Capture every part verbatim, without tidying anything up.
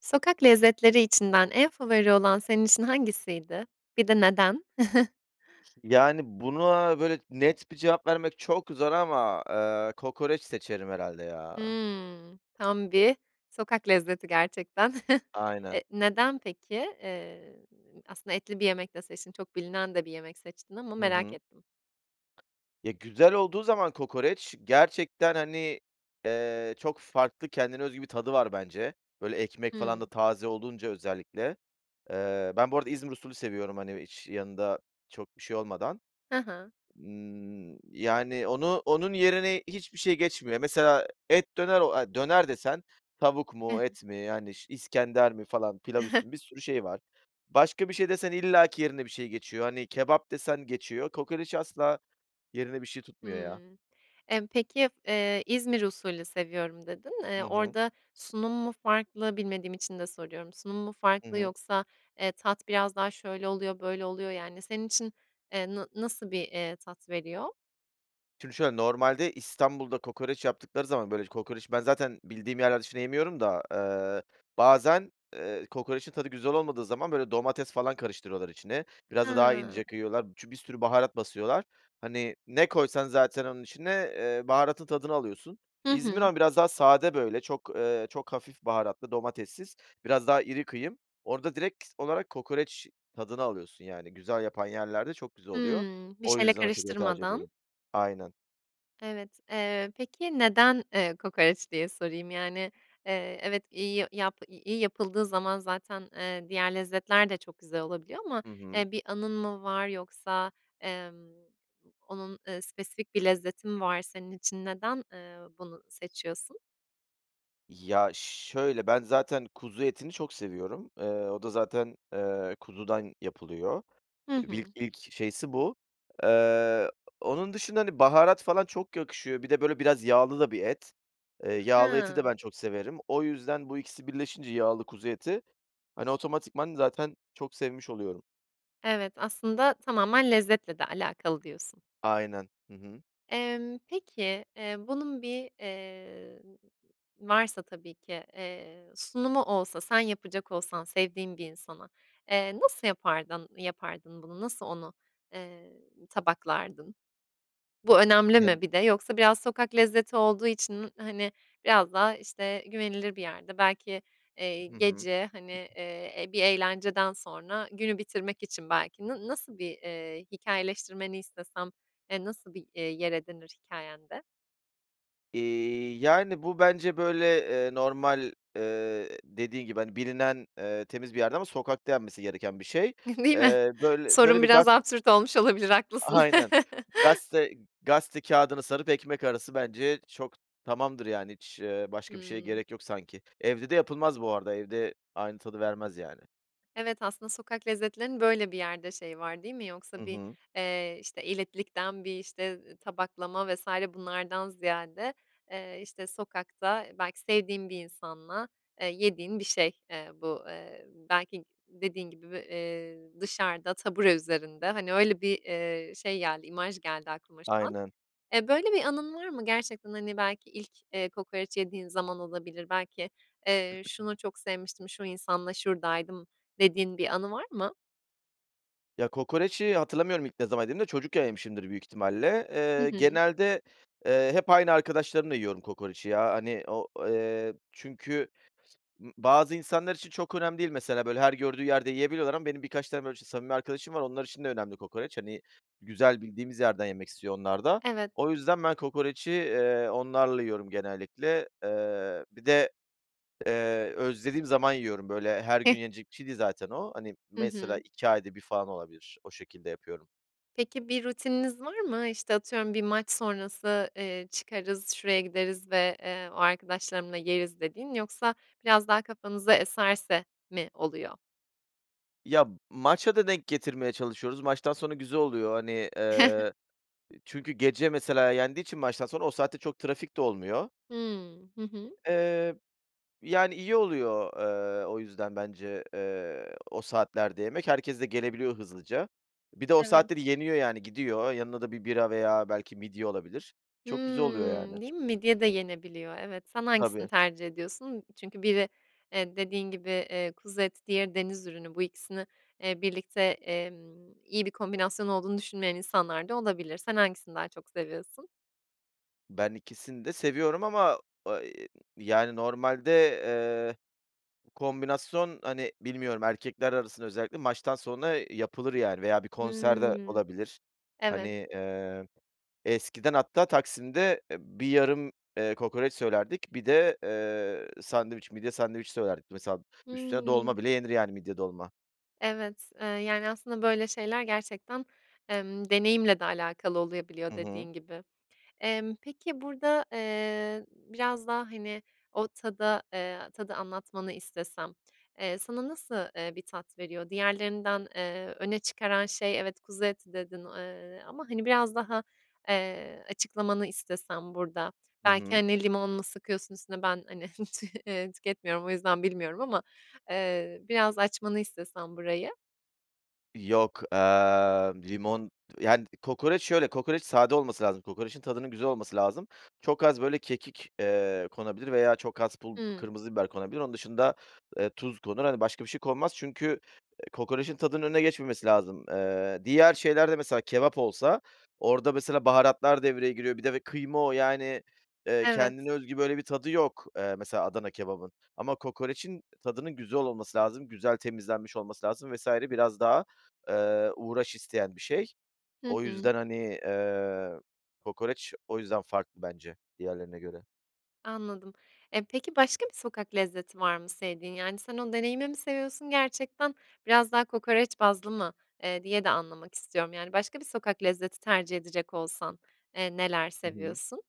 Sokak lezzetleri içinden en favori olan senin için hangisiydi? Bir de neden? Yani, buna, böyle, net bir cevap vermek çok zor ama, eee, kokoreç seçerim herhâlde ya. Hımm. Tam bir sokak lezzeti gerçekten. Aynen. Eee, neden, peki? Eee, aslında, etli bir yemek de seçtin, çok bilinen de bir yemek seçtin ama Hı merak hı. ettim. Ya, güzel olduğu zaman kokoreç gerçekten, hani, eee, çok farklı, kendine özgü bir tadı var bence. Böyle, ekmek falan da Hımm. taze olunca özellikle. Eee, ben bu arada İzmir usulü seviyorum, hani, hiç yanında çok bir şey olmadan. Hı hı. Imm, yani, onu onun yerine hiçbir şey geçmiyor. Mesela et döner o a döner desen tavuk He mu, he. et mi, yani, ş iskender mi falan, pilav üstü mü? Bir sürü şey var. Başka bir şey desen illaki yerine bir şey geçiyor. Hani, kebap desen geçiyor, kokoreci asla yerini bir şey tutmuyor ya. Hımm. Emm, peki, eee, İzmir usulü seviyorum dedin. Eee, Hı hı. orada sunum mu farklı bilmediğim için de soruyorum. Sunum mu Hı farklı hı. yoksa, eee, tat biraz daha şöyle oluyor, böyle oluyor, yani, senin için, eee, na nasıl bir, eee, tat veriyor? Şimdi şöyle, normalde İstanbul'da kokoreç yaptıkları zaman böyle kokoreçi ben zaten bildiğim yerler dışında yemiyorum da, ııı, bazen, eee, kokoreçin tadı güzel olmadığı zaman böyle domates falan karıştırıyorlar içine. Biraz da daha Hıı. ince kıyıyorlar. Çü bir sürü baharat basıyorlar. Hani, ne koysan zaten onun içine, eee, baharatın tadını alıyorsun. Hı İzmir hı. ama biraz daha sade böyle çok, eee, çok hafif baharatlı, domatessiz, biraz daha iri kıyım. Orada direkt olarak kokoreç tadını alıyorsun yani. Güzel yapan yerlerde çok güzel oluyor. Hıı. Bir O şeyle yüzden o şekilde tercih karıştırmadan. ediyorum. Aynen. Evet, eee, peki, neden, eee, kokoreç diye sorayım. Yani, eee, evet, iyi y yap iyi yapıldığı zaman zaten, ııı, diğer lezzetler de çok güzel olabiliyor. Ama, Hı hı. eee, bir anın mı var yoksa, emm, onun, ııı, spesifik bir lezzeti mi var senin için? Neden, ııı, bunu seçiyorsun? Ya şöyle, ben zaten kuzu etini çok seviyorum. Eee, o da zaten, eee, kuzudan yapılıyor. Hı Vil hı. ilk şeysi bu. Iıı, onun dışında, hani, baharat falan çok yakışıyor. Bir de böyle biraz yağlı da bir et. Eee, yağlı eti de Hıı. ben çok severim. O yüzden bu ikisi birleşince yağlı kuzu eti, hani, otomatikman zaten çok sevmiş oluyorum. Evet, aslında tamamen lezzetle de alakalı diyorsun. Aynen, hı hı. Emm, peki, eee, bunun bir, eee, varsa tabii ki, eee, sunumu olsa, sen yapacak olsan sevdiğin bir insana, eee, nasıl yapardın yapardın bunu? Nasıl onu, eee, tabaklardın? Bu önemli mi [unintelligible] bir de yoksa biraz sokak lezzeti olduğu için, hani, biraz daha, işte, güvenilir bir yerde belki, eee, Hı hı. gece, hani, eee, e, bir eğlenceden sonra, günü bitirmek için belki na nasıl bir, eee, hikâyeleştirmeni istesem, eee, nasıl bir, eee, yer edinir hikâyende? Eee, yani, bu bence, böyle, eee, normal, ııı, dediğin gibi, hani, bilinen, eee, temiz bir yerde ama sokakta yenmesi gereken bir şey. Değil mi? Eee, böyle böyle Sorum bir gaz biraz absürt olmuş olabilir, haklısın. Aynen, gazete gazete kâğıdını sarıp ekmek arası bence çok tamamdır yani, hiç, ııı, başka bir şeye Hıı. gerek yok sanki. Evde de yapılmaz bu arada, evde aynı tadı vermez yani. Evet, aslında sokak lezzetlerinin böyle bir yerde şeyi var, değil mi? Yoksa Hı bir, hı. eee, işte, elitlikten bir, işte, eee, tabaklama vs. bunlardan ziyade, eee, işte, sokakta, belki sevdiğin bir insanla, eee, yediğin bir şey, eee, bu. Eee, belki dediğin gibi, v eee, dışarıda, tabure üzerinde, hani, öyle, bir, eee, şey geldi, imaj geldi aklıma şu an. Aynen. Eee, böyle bir anın var mı? Gerçekten, hani, belki ilk, eee, kokoreç yediğin zaman olabilir. Belki, eee, şunu çok sevmiştim, şu insanla şuradaydım, dediğin bir anı var mı? Ya, kokoreci hatırlamıyorum ilk ne zaman yediğimi de çocukken yemişimdir büyük ihtimalle. Hı Eee, hı. genelde, eee, hep aynı arkadaşlarımla yiyorum kokoreci ya. Hani, o, eee, çünkü, ımm, bazı insanlar için çok önemli değil. Mesela, böyle, her gördüğü yerde yiyebiliyorlar ama benim birkaç tane, böyle, ç samimi arkadaşım var, onlar için de önemli kokoreç. Hani, güzel, bildiğimiz yerden yemek istiyor onlar da. Evet. O yüzden ben kokoreci, eee, onlarla yiyorum genellikle. Eee, bir de, eee, özlediğim zaman yiyorum, böyle, her Heh. gün yenilecek bir şey değil zaten o. Hani, Hı mesela hı. iki ayda bir falan olabilir. O şekilde yapıyorum. Peki, bir rutininiz var mı? İşte, atıyorum bir maç sonrası, eee, "Çıkarız, şuraya gideriz ve, eee, o arkadaşlarımla yeriz." dediğin yoksa biraz daha kafanıza eserse mi oluyor? Ya, maça da denk getirmeye çalışıyoruz. Maçtan sonra güzel oluyor, hani, eee, çünkü gece, mesela, yendiği için maçtan sonra o saatte çok trafik de olmuyor. Hımm. Hı hı. Eee, yani, iyi oluyor, eee, o yüzden bence, eee, o saatlerde yemek, herkes de gelebiliyor hızlıca. Bir de o Evet. saatte de yeniyor yani, gidiyor. Yanına da bir bira veya belki midye olabilir. Çok güzel oluyor Hımm. yani. Değil mi? Midye de yenebiliyor. Evet, sen hangisini Tabii. tercih ediyorsun? Çünkü biri, eee, dediğin gibi, eee, kuzu eti, diğeri deniz ürünü, bu ikisini, eee, birlikte, emm, iyi bir kombinasyon olduğunu düşünmeyen insanlar da olabilir. Sen hangisini daha çok seviyorsun? Ben ikisini de seviyorum ama, iii, yani, normalde, eee, bu kombinasyon, hani, bilmiyorum, erkekler arasında özellikle maçtan sonra, eee, yapılır, yani, veya bir konserde Hımm. olabilir. Hani, Evet. eee, eskiden hatta Taksim'de, eee, bir yarım, eee, kokoreç söylerdik bir de, eee, sandviç, midye sandviç söylerdik. Mesela üstüne Hımm. dolma bile yenir yani, midye dolma. Evet, eee, yani, aslında böyle şeyler gerçekten, emm, deneyimle de alakalı oluyabiliyor Hı hı. dediğin gibi. Emm, peki burada, eee, biraz daha, hani, o tada, eee, tadı anlatmanı istesem, eee, sana nasıl, eee, bir tat veriyor? Diğerlerinden, eee, öne çıkaran şey evet, "kuzu eti" dedin, eee, ama, hani, biraz daha, eee, açıklamanı istesem burada. Hı Belki, hı. hani, limon mu sıkıyorsun üstüne? Ben, hani, eee, tüketmiyorum, o yüzden bilmiyorum ama, eee, biraz açmanı istesem burayı. Yok, aaa, limon Yani, kokoreç şöyle, kokoreç sade olması lazım, kokorecin tadının güzel olması lazım. Çok az, böyle, kekik, eee, konabilir veya çok az pul Hıı. kırmızı biber konabilir. Onun dışında, eee, tuz konur, hani, başka bir şey konmaz çünkü, eee, kokorecin tadının önüne geçmemesi lazım. Eee, diğer şeylerde mesela kebap olsa, orada mesela baharatlar devreye giriyor bir de ve kıyma o, yani, eee, Evet. kendine özgü böyle bir tadı yok, eee, mesela Adana kebabın. Ama kokorecin tadının güzel olması lazım, güzel temizlenmiş olması lazım vs. biraz daha, eee, uğraş isteyen bir şey. Hı O hı. yüzden, hani, eee, kokoreç, o yüzden farklı bence diğerlerine göre. Anladım. E, peki başka bir sokak lezzeti var mı sevdiğin? Yani, sen o deneyimi mi seviyorsun gerçekten? Biraz daha kokoreç bazlı mı, eee, diye de anlamak istiyorum. Yani, başka bir sokak lezzeti tercih edecek olsan, eee, neler Hı hı. seviyorsun?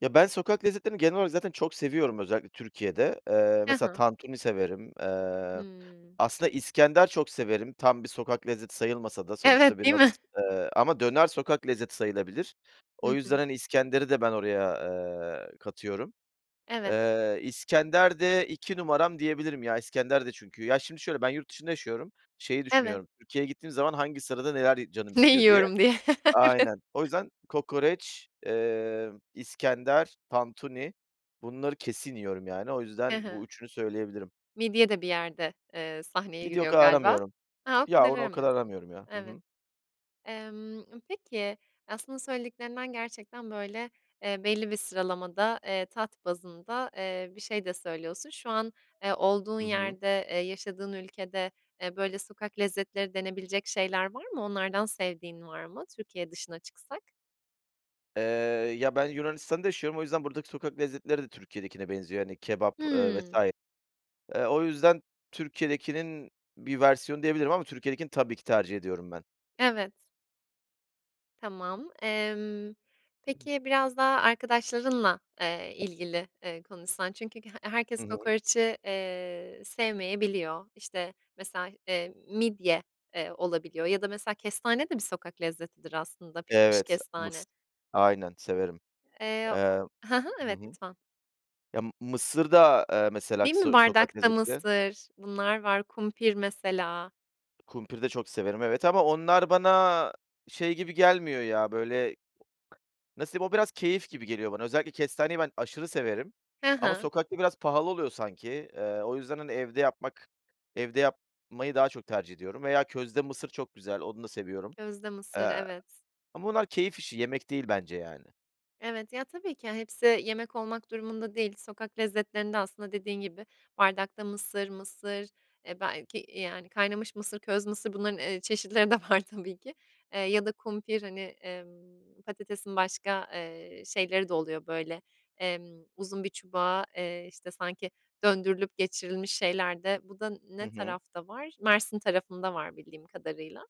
Ya, ben sokak lezzetlerini genel olarak zaten çok seviyorum özellikle Türkiye'de. Eee, Hı mesela hı. tantuni severim, eee, Hıı. aslında iskender çok severim, tam bir sokak lezzeti sayılmasa da, sonuçta Evet. Değil biraz, mi? eee, ama döner sokak lezzeti sayılabilir. O Hı yüzden, hı. hani, iskenderi de ben oraya, eee, katıyorum. Evet. Eee, iskender de iki numaram diyebilirim, ya, iskender de çünkü Ya, şimdi, şöyle, ben yurt dışında yaşıyorum, şeyi Evet. düşünüyorum, Türkiye'ye gittiğim zaman hangi sırada neler y canım Ne istiyor diye. yiyorum diye. Evet. Aynen, o yüzden kokoreç, eee, iskender, tantuni, bunları kesin yiyorum yani, o Hı yüzden bu hı. üçünü söyleyebilirim. Midye de bir yerde, eee, sahneye Midye o giriyor kadar galiba. aramıyorum. A, o Ya, kadar onu o kadar aramıyorsun. aramıyorum ya, hı Evet. hı. Emm, peki, aslında söylediklerinden gerçekten, böyle, eee, belli bir sıralamada, eee, tat bazında, eee, bir şey de söylüyorsun. Şu an, eee, olduğun Hı hı. yerde, eee, yaşadığın ülkede, eee, böyle, sokak lezzetleri denebilecek şeyler var mı? Onlardan sevdiğin var mı Türkiye dışına çıksak? Eee, ya, ben Yunanistan da yaşıyorum. O yüzden buradaki sokak lezzetleri de Türkiye'dekine benziyor. Hani, kebap, eee, vs. Hıı. Eee, o yüzden Türkiye'dekinin bir versiyonu diyebilirim ama Türkiye'dekini tabii ki tercih ediyorum ben. Evet. Tamam. Emm, peki, biraz daha arkadaşlarınla, eee, ilgili, eee, konuşsan çünkü he Hı herkes hı. kokoreci, eee, sevmeyebiliyor. İşte, mesela, eee, midye, eee, olabiliyor ya da, mesela, kestane de bir sokak lezzetidir aslında, pişmiş Evet, mıs kestane. aynen severim. Eee. Eee, Hı hı, hı evet, hı. lütfen. Ya, mısır da, eee, mesela, Değil mi so sokak bardakta lezzetidir. mısır, bunlar var; kumpir mesela. Kumpir de çok severim, evet ama onlar bana şey gibi gelmiyor ya, böyle, nasıl diyeyim, o biraz keyif gibi geliyor bana. Özellikle kestaneyi ben aşırı severim Hı ama hı. sokakta biraz pahalı oluyor sanki. Eee, o yüzden, hani, evde yapmak Evde yapmayı daha çok tercih ediyorum veya közde mısır çok güzel, onu da seviyorum, Közde mısır, eee, evet. ama onlar keyif işi yemek değil, bence yani. Evet, ya, tabii ki, hepsi yemek olmak durumunda değil, sokak lezzetlerinde, aslında, dediğin gibi bardakta mısır, mısır, eee, belki, yani, kaynamış mısır, köz mısır bunların, eee, çeşitleri de var, tabii ki, ya da kumpir, hani, emm, patatesin başka, eee, şeyleri de oluyor, böyle, emm, uzun bir çubuğa, eee, işte, sanki, döndürülüp geçirilmiş şeyler de. Bu da Hı ne hı. tarafta var? Mersin tarafında var bildiğim kadarıyla.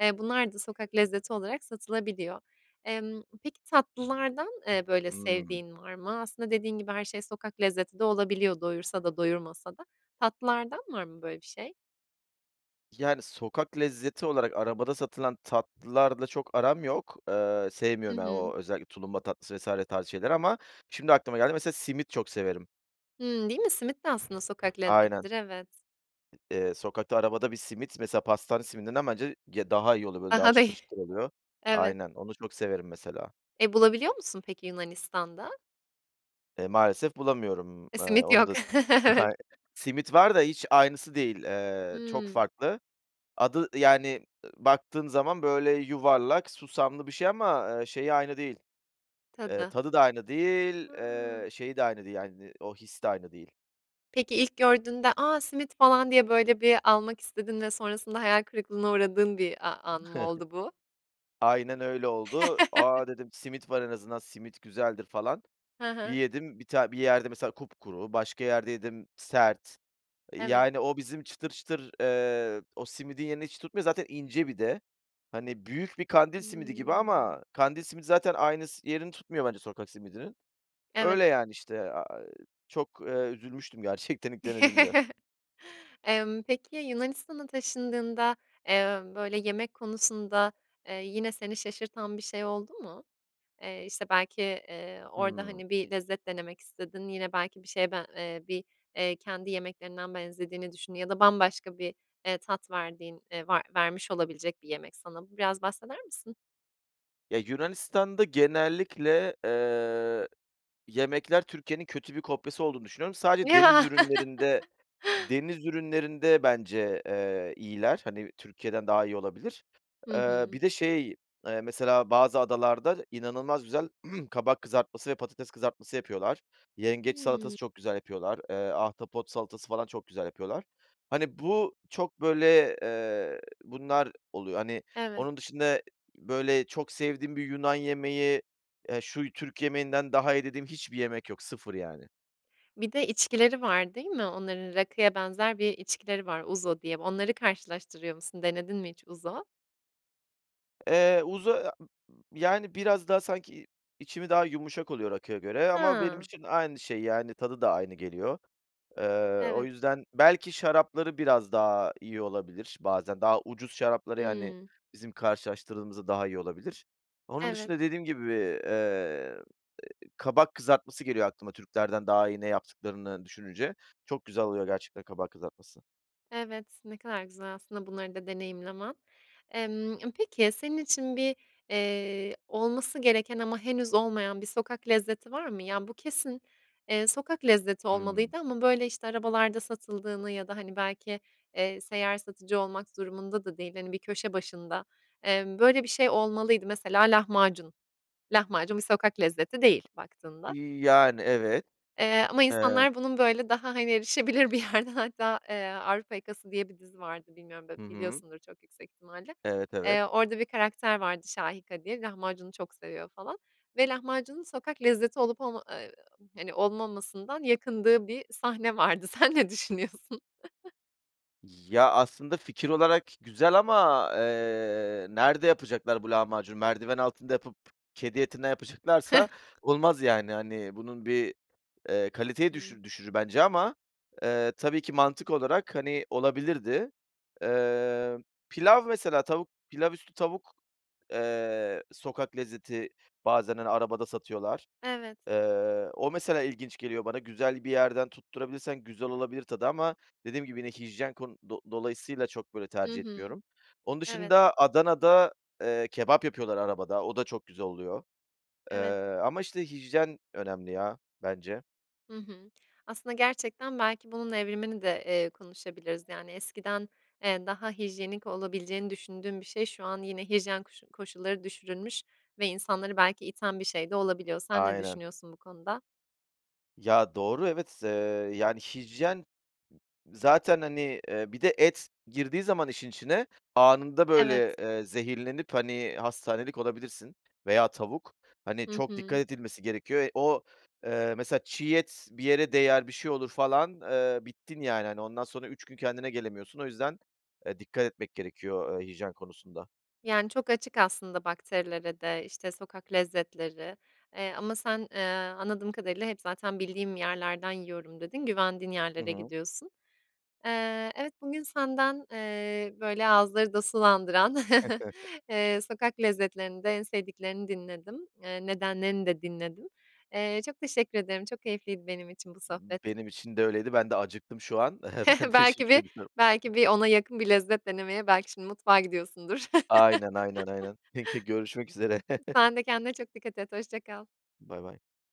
Eee, bunlar da sokak lezzeti olarak satılabiliyor. Emm, peki, tatlılardan, eee, böyle, Hımm. sevdiğin var mı? Aslında, dediğin gibi her şey sokak lezzeti de olabiliyor doyursa da doyurmasa da. Tatlılardan var mı böyle bir şey? Yani, sokak lezzeti olarak arabada satılan tatlılarla çok aram yok. Eee, Hı sevmiyorum yani, hı. o özellikle tulumba tatlısı vs. tarzı şeyleri ama şimdi aklıma geldi. Mesela simit çok severim. Hımm. Değil mi? Simit de aslında sokak Aynen. lezzetlidir. Evet. Eee, sokakta arabada bir simit, mesela, pastane simidinden bence ye daha iyi oluyor. Böyle, daha çıtır [unintelligible] çıtır oluyor. Evet. Aynen. Onu çok severim mesela. E, bulabiliyor musun peki, Yunanistan'da? E, maalesef bulamıyorum. E, Eee, simit onu yok. da Evet. [unintelligible] Simit var da hiç aynısı değil. Eee, çok Hımm. farklı. Adı, yani, ı baktığın zaman böyle yuvarlak, susamlı bir şey ama, ııı, şeyi aynı değil, eee, Tadı. tadı da aynı değil, Hıı. ııı, şeyi de aynı değil, yani, o his de aynı değil. Peki, ilk gördüğünde, "A, simit falan." diye, böyle, bir almak istedin ve sonrasında hayal kırıklığına uğradığın bir a an mı oldu bu? Aynen öyle oldu. "A," dedim, "simit var, en azından simit güzeldir falan." Hı Bir hı. yedim, bir ta bir yerde, mesela, kupkuru, başka yerde yedim, sert. Evet. Yani, o bizim çıtır çıtır, eee, o simidin yerini hiç tutmuyor. Zaten ince bir de, hani büyük bir kandil simidi gibi Hımm. ama kandil simidi zaten aynı s yerini tutmuyor bence sokak simidinin. Evet. Öyle, yani, işte, a eee, çok, eee, üzülmüştüm gerçekten ilk denediğimde. Emm, peki, Yunanistan'a taşındığında, emm, böyle, yemek konusunda, eee, yine seni şaşırtan bir şey oldu mu? Eee, işte, belki, eee, orada, Hımm. hani, bir lezzet denemek istedin, yine, belki, bir şeye ben eee, bir, eee, kendi yemeklerinden benzediğini düşündüğün ya da bambaşka bir, eee, tat verdiğin eee var vermiş olabilecek bir yemek sana. Bu biraz bahseder misin? Ya, Yunanistan'da genellikle, eee, yemekler Türkiye'nin kötü bir kopyası olduğunu düşünüyorum. Sadece deniz Ya! ürünlerinde deniz ürünlerinde bence, eee, iyiler, hani, Türkiye'den daha iyi olabilir. Hı Eee, hı. bir de şey, eee, mesela bazı adalarda inanılmaz güzel kabak kızartması ve patates kızartması yapıyorlar. Yengeç Hıı. salatası çok güzel yapıyorlar, eee, ahtapot salatası falan çok güzel yapıyorlar. Hani, bu çok, böyle, eee Bunlar oluyor, hani. Evet. Onun dışında, böyle, çok sevdiğim bir Yunan yemeği, eee, "Şu Türk yemeğinden daha iyi." dediğim hiçbir yemek yok, sıfır yani. Bir de içkileri var, değil mi Onların? Rakıya benzer bir içkileri var "uzo" diye. Onları karşılaştırıyor musun? Denedin mi hiç uzo? Eee, uzo a e b yani, biraz daha sanki içimi daha yumuşak oluyor rakıya göre ama benim Ha. için aynı şey, yani, tadı da aynı geliyor. Eee, o Evet. yüzden Belki şarapları biraz daha iyi olabilir bazen. Daha ucuz şarapları, yani, Hımm. bizim karşılaştırdığımızda daha iyi olabilir. Onun Evet. dışında dediğim gibi, eee, eee, kabak kızartması geliyor aklıma, Türklerden daha iyi ne yaptıklarını düşününce. Çok güzel oluyor gerçekten kabak kızartması. Evet, ne kadar güzel aslında bunları da deneyimlemen. Emm, peki, senin için bir, eee, olması gereken ama henüz olmayan bir sokak lezzeti var mı? "Ya, bu kesin, eee, sokak lezzeti Hı hı. olmalıydı." ama, böyle, işte, arabalarda satıldığını ya da, hani, belki, eee, seyyar satıcı olmak durumunda da değil, hani, bir köşe başında, emm, "Böyle bir şey olmalıydı." Mesela lahmacun. Lahmacun bir sokak lezzeti değil baktığında. İii, yani, evet. Eee, ama Eee insanlar bunun, böyle, daha, hani, erişebilir bir yerde hatta, eee, "Avrupa Yakası" diye bir dizi vardı, bilmiyorum b Hı hı. biliyorsundur çok yüksek ihtimalle. Evet, evet. Eee, orada bir karakter vardı "Şahika" diye, lahmacunu çok seviyor, falan. Ve lahmacunun sokak lezzeti olup olma eee, hani, olmamasından yakındığı bir sahne vardı. Sen ne düşünüyorsun? Ya, aslında fikir olarak güzel ama, eee, nerede yapacaklar bu lahmacunu? Merdiven altında yapıp kedi etinden yapacaklarsa olmaz yani, hani, bunun bir, eee, kaliteyi Hıı. düşü düşürür bence ama, eee, tabii ki mantık olarak, hani, olabilirdi. Eee, pilav mesela tavuk pilav üstü tavuk, eee, sokak lezzeti bazen, hani, arabada satıyorlar. Evet. Eee, o mesela ilginç geliyor bana. Güzel bir yerden tutturabilirsen güzel olabilir tadı ama dediğim gibi, yine hijyen kon do dolayısıyla çok, böyle, Hı tercih hı. etmiyorum. Onun Evet. dışında Adana'da, eee, kebap yapıyorlar arabada. O da çok güzel oluyor, eee, Evet. ama, işte, hijyen önemli ya bence. Hı hı. Aslında gerçekten belki bunun evrimini de, eee, konuşabiliriz. Yani, eskiden, eee, daha hijyenik olabileceğini düşündüğüm bir şey şu an yine hijyen koşu koşulları düşürülmüş ve insanları belki iten bir şey de olabiliyor. Sen ne Aynen. düşünüyorsun bu konuda? Ya, doğru, evet, eee, yani, hijyen zaten, hani, eee, bir de et girdiği zaman işin içine, anında, böyle, Evet. eee, zehirlenip, hani, hastanelik olabilirsin veya tavuk, hani, Hı çok dikkat hı. edilmesi gerekiyor. E o, eee, mesela çiğ et bir yere değer, bir şey olur falan, eee, bittin yani. Hani, ondan sonra üç gün kendine gelemiyorsun. O yüzden, eee, dikkat etmek gerekiyor, eee, hijyen konusunda. Yani, çok açık aslında bakterilere de, işte, sokak lezzetleri, eee, ama sen, eee, anladığım kadarıyla hep zaten, "Bildiğim yerlerden yiyorum." dedin, güvendiğin Hı yerlere hı. gidiyorsun. Eee, evet bugün senden, eee, böyle, ağızları da sulandıran, eee, sokak lezzetlerinde en sevdiklerini dinledim. Eee, nedenlerini de dinledim. Eee, çok teşekkür ederim, çok keyifliydi benim için bu sohbet. Benim için de öyleydi, ben de acıktım şu an. Ben Belki teşekkür bir ediyorum. belki bir ona yakın bir lezzet denemeye belki şimdi mutfağa gidiyorsundur. Aynen, aynen, aynen. Peki, görüşmek üzere. Sen de kendine çok dikkat et, hoşça kal. Baybay.